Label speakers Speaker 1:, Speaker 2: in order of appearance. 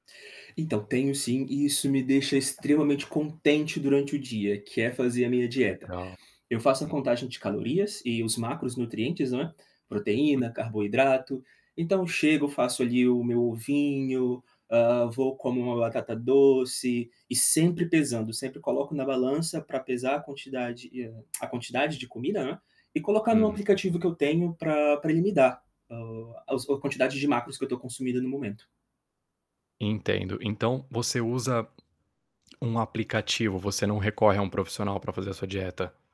Speaker 1: Então, tenho sim, e isso me deixa extremamente contente durante o dia, que é fazer a minha dieta.
Speaker 2: Legal.
Speaker 1: Eu faço a
Speaker 2: Hum.
Speaker 1: contagem de calorias e os macronutrientes, não é, proteína,
Speaker 2: [unintelligible]
Speaker 1: carboidrato, então chego faço ali o meu ovinho, hã, vou como uma batata doce, e sempre pesando, sempre coloco na balança pra pesar a quantidade e a a quantidade de comida, né, e colocar no
Speaker 2: Uhum.
Speaker 1: aplicativo que eu tenho pra pra ele me dar, o aos a quantidade de macros que eu estou consumindo no momento.
Speaker 2: Entendo. Então, você usa um aplicativo, você não recorre a um profissional pra fazer a sua dieta?